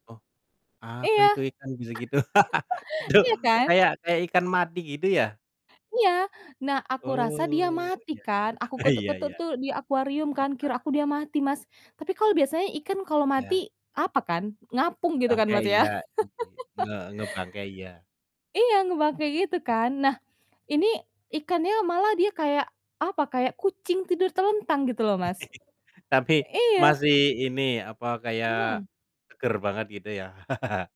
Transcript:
Oh, apa Iya. itu, ikan bisa gitu? Itu Iya kan? kayak kayak ikan mati gitu ya? Iya. Nah, aku rasa dia Oh, mati iya kan, iya. aku Iya ketuk-ketuk iya. tuh di akuarium kan, kira Heeh. aku dia mati, Mas, tapi kalau biasanya ikan kalau mati, Ya. apa kan, ngapung gitu kan, Bangkai Mas, ya? iya, gitu ya, nge ngebangkai iya. Iya, ngebangkai gitu kan, nah, ini ikannya malah dia kayak, apa, kayak kucing tidur telentang, gitu loh, Mas. Tapi Iya. masih ini, apa, kayak Mhm. seger banget, gitu ya.